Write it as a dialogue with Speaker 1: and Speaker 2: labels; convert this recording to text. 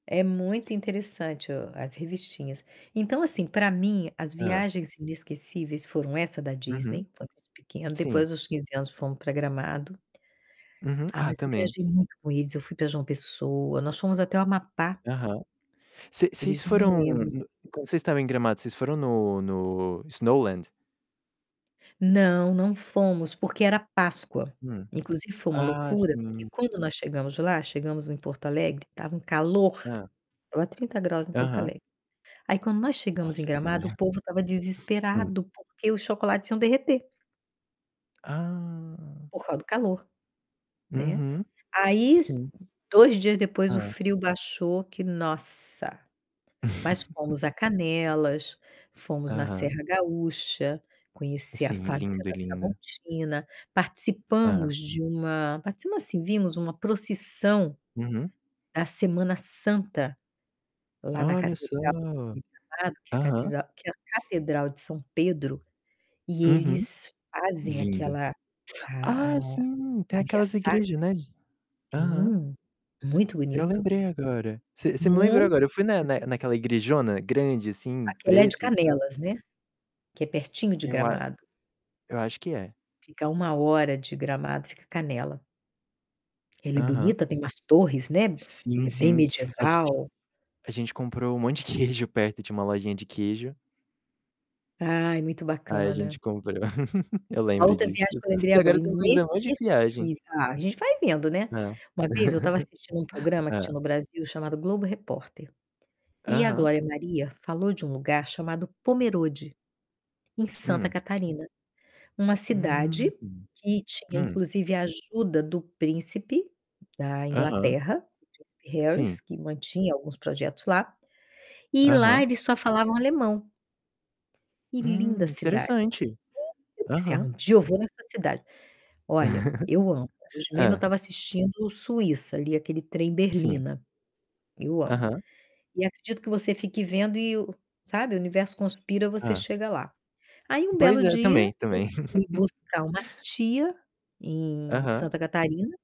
Speaker 1: É muito interessante o as revistinhas. Então, assim, para mim, as
Speaker 2: Hã.
Speaker 1: viagens inesquecíveis foram essa da
Speaker 2: Uhum.
Speaker 1: Disney, que foi com os pequenos,
Speaker 2: Sim.
Speaker 1: depois dos 15 anos fomos para Gramado
Speaker 2: Uhum.
Speaker 1: ah,
Speaker 2: Ah,
Speaker 1: mas eu
Speaker 2: também.
Speaker 1: viajei muito com eles, eu fui para João Pessoa, nós fomos até o Amapá.
Speaker 2: Aham. Vocês vocês
Speaker 1: Eles não
Speaker 2: foram
Speaker 1: lembram
Speaker 2: no
Speaker 1: muito.
Speaker 2: quando vocês estavam em Gramado, foram no no Snowland?
Speaker 1: Não, não fomos, porque era Páscoa.
Speaker 2: Hum.
Speaker 1: Inclusive foi uma
Speaker 2: Ah,
Speaker 1: loucura, porque
Speaker 2: sim.
Speaker 1: quando nós chegamos lá, chegamos em Porto Alegre, estava um calor,
Speaker 2: Hã.
Speaker 1: estava 30º em Porto
Speaker 2: Aham.
Speaker 1: Alegre. Aí quando nós chegamos em
Speaker 2: Nossa
Speaker 1: Gramado o
Speaker 2: senhora.
Speaker 1: povo estava
Speaker 2: Hum.
Speaker 1: desesperado porque os chocolates iam derreter
Speaker 2: Ah.
Speaker 1: por causa do calor, né.
Speaker 2: Uhum.
Speaker 1: Aí s
Speaker 2: Sim.
Speaker 1: 2 dias depois o
Speaker 2: Hã.
Speaker 1: frio baixou que nossa. Mas fomos a Canelas, fomos na
Speaker 2: Aham.
Speaker 1: Serra Gaúcha, conheci a
Speaker 2: Sim,
Speaker 1: fábrica
Speaker 2: lindo,
Speaker 1: da
Speaker 2: lindo.
Speaker 1: Tramontina,
Speaker 2: Hã.
Speaker 1: participamos de uma participamos, assim, vimos uma procissão
Speaker 2: Uhum.
Speaker 1: da Semana Santa, lá na
Speaker 2: Olha só.
Speaker 1: catedral de Gramado, que é a
Speaker 2: Aham.
Speaker 1: catedral que é a catedral de São Pedro, e
Speaker 2: Uhum,
Speaker 1: eles fazem
Speaker 2: lindo.
Speaker 1: aquela a
Speaker 2: Ah sim, tem
Speaker 1: a via
Speaker 2: aquelas
Speaker 1: sacra
Speaker 2: igreja, né, de aham.
Speaker 1: Sim, muito
Speaker 2: Eu
Speaker 1: bonito.
Speaker 2: lembrei agora. Você você me lembrou
Speaker 1: Muito
Speaker 2: agora, eu fui na
Speaker 1: bonito.
Speaker 2: na naquela igrejona grande, assim,
Speaker 1: Aquela é de
Speaker 2: preta e tal.
Speaker 1: Canelas, né, que é pertinho de
Speaker 2: Eu a
Speaker 1: Gramado.
Speaker 2: eu acho que é.
Speaker 1: Fica a 1 hora de Gramado, fica Canela. Ela é
Speaker 2: Aham.
Speaker 1: bonita, tem umas torres, né, ela
Speaker 2: Sim,
Speaker 1: é bem
Speaker 2: sim. A gente
Speaker 1: medieval.
Speaker 2: a gente comprou um monte de queijo perto, tinha uma lojinha de queijo
Speaker 1: Ai, muito
Speaker 2: Aí a gente
Speaker 1: bacana.
Speaker 2: comprou, eu
Speaker 1: A
Speaker 2: lembro
Speaker 1: outra viagem
Speaker 2: disso.
Speaker 1: que eu lembrei
Speaker 2: Se agora
Speaker 1: agora,
Speaker 2: eu estou me
Speaker 1: inesquecível
Speaker 2: lembrando um monte de viagem.
Speaker 1: ah, a gente vai vendo, né.
Speaker 2: Hã.
Speaker 1: Uma vez eu estava assistindo um programa que tinha
Speaker 2: Hã.
Speaker 1: no Brasil chamado Globo Repórter, e a
Speaker 2: Aham.
Speaker 1: Glória Maria falou de um lugar chamado Pomerode, em Santa
Speaker 2: Hum.
Speaker 1: Catarina, uma
Speaker 2: Hum.
Speaker 1: cidade que tinha,
Speaker 2: Hum.
Speaker 1: inclusive, a ajuda do príncipe da
Speaker 2: Aham.
Speaker 1: Inglaterra, príncipe Harrys,
Speaker 2: Sim.
Speaker 1: que mantinha alguns projetos lá, e lá
Speaker 2: Aham.
Speaker 1: eles só falavam alemão. E
Speaker 2: Hum,
Speaker 1: linda a cidade.
Speaker 2: interessante.
Speaker 1: [unintelligible] Eu pensei: "Ah,
Speaker 2: Aham.
Speaker 1: um dia eu vou nessa cidade". Olha, eu amo. Hoje mesmo eu
Speaker 2: Hã.
Speaker 1: estava assistindo Suíça, ali, aquele trem
Speaker 2: Sim.
Speaker 1: Berlina. Eu amo.
Speaker 2: Aham.
Speaker 1: E acredito que você fique vendo e o sabe, o universo conspira, você
Speaker 2: Hã.
Speaker 1: chega lá. Aí, um
Speaker 2: Pois
Speaker 1: belo
Speaker 2: é.
Speaker 1: dia,
Speaker 2: Também,
Speaker 1: eu
Speaker 2: também.
Speaker 1: fui buscar uma tia em
Speaker 2: Aham.
Speaker 1: Santa Catarina